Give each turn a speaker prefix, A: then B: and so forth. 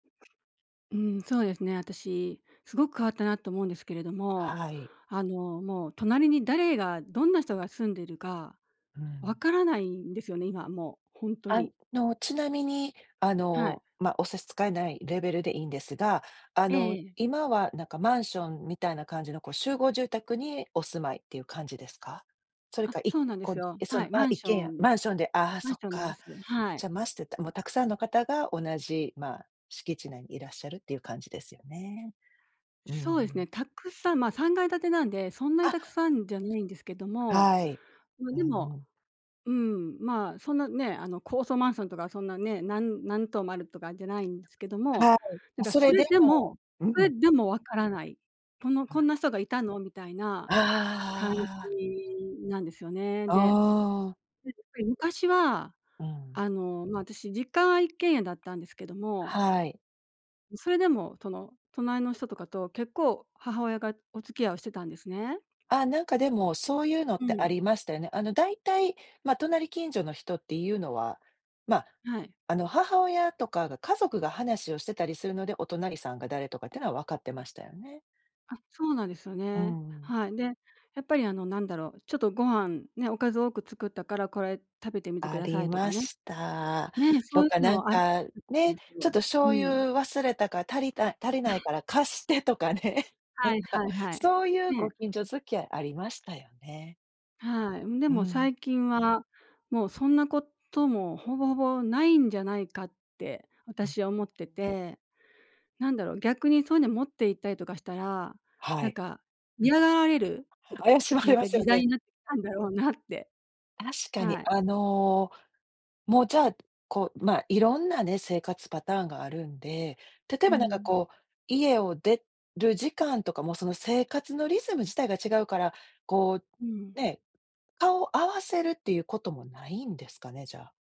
A: うん、そうですね、私、すごく変わったなと思うんですけれども、
B: はい。
A: あの、もう隣に誰がどんな人が住んでるか
B: う
A: 分
B: ん。
A: からないんですよね、今、もうほんと
B: あ
A: に。
B: の、ちなみに、あ
A: はい。
B: の、ま、お差し支えないレベルでいいんですが、あ
A: ええ
B: の、
A: ええ。
B: 今はなんかマンションみたいな感じの、こう 集合住宅にお住まいっていう感じですか？それ
A: あっ、
B: か一
A: そうなんです
B: 戸
A: よ。
B: そ
A: は
B: の、
A: い、マ
B: あ、
A: ン
B: 一
A: シ
B: 軒
A: ョ
B: 家
A: ン
B: マンションで、ああ
A: マン
B: そ
A: シ
B: っ
A: ョンなんで
B: か。
A: すよね。はい。
B: じゃ、まして、たもうたくさんの方が、同じ、ま、敷地内にいらっしゃるっていう感じですよね。うんう
A: そうです
B: ん。
A: ね、たくさん、ま、3階建てなんで、そんな
B: あ
A: に
B: っ。
A: たくさんじゃないんですけども、
B: はい、
A: ま、
B: う
A: で
B: ん
A: も、
B: うん。
A: うん、ま、そんなね、あの高層マンションとかそんなね、何何棟もあるとかじゃないんですけども、
B: はい、
A: なんか
B: そ
A: そ
B: れ
A: れ
B: で
A: で
B: も、
A: も
B: う
A: それ
B: ん。
A: でも分からない、この「こ
B: あ
A: んな人がいたの」？みたいな感
B: ああ。
A: じなんですよね。
B: お
A: で、
B: お。
A: 昔は、
B: うん。
A: あの、ま、私実家は一軒家だったんですけども
B: はい。
A: それでも、その隣の人とかと結構母親がお付き合いをしてたんですね。
B: あっ、なんかでも、そういうの
A: う
B: ってあ
A: ん。
B: りましたよね。あの、だいたい、ま、隣近所の人っていうのは、ま、
A: はい。
B: あの母親とかが家族が話をしてたりするので、お隣さんが誰とかっていうのは分かってましたよね。
A: あ、そうなんですよ
B: うー
A: ね。
B: ん。
A: はい。で、やっぱりあのなんだろう、ちょっとご飯ね、おかずを多く作ったから「これ食べてみてく
B: あ
A: ださ
B: り
A: い」と
B: ま
A: かね。
B: した。
A: ね、そう
B: と
A: い
B: か
A: う
B: なん
A: のあったと
B: か、
A: 思う
B: ね
A: んです
B: 「ちょっ
A: よ、
B: と
A: う
B: 醤
A: ん。
B: 油忘れたから、足りあ、足りないから貸して」とかね、な
A: は
B: ん
A: いは
B: か、
A: いはい。
B: そういうご
A: ね。
B: 近所付き合いありましたよね。
A: はい。で
B: うー
A: も
B: ん。
A: 最近は、もうそんなこともほぼほぼないんじゃないかって
B: うん。
A: 私は思ってて。なんだろう、逆にそういうの持って行ったりとかしたら、
B: は
A: なん
B: い。
A: か嫌がられる、
B: うん。怪しま
A: な
B: れ
A: ん
B: ま
A: か
B: す
A: 時
B: よ
A: 代
B: ね。
A: になってきたんだろうなって。
B: 確かに、
A: はい。
B: あの、も、じゃあ、こう、ま、いろんなね、生活パターンがあるんで、例え
A: う
B: ばなんか
A: ん。
B: こう、家を出る時間とかもその生活のリズム自体が違うから、こう、
A: うん。
B: ね、顔合わせるっていうこともないんですかね、じゃあ。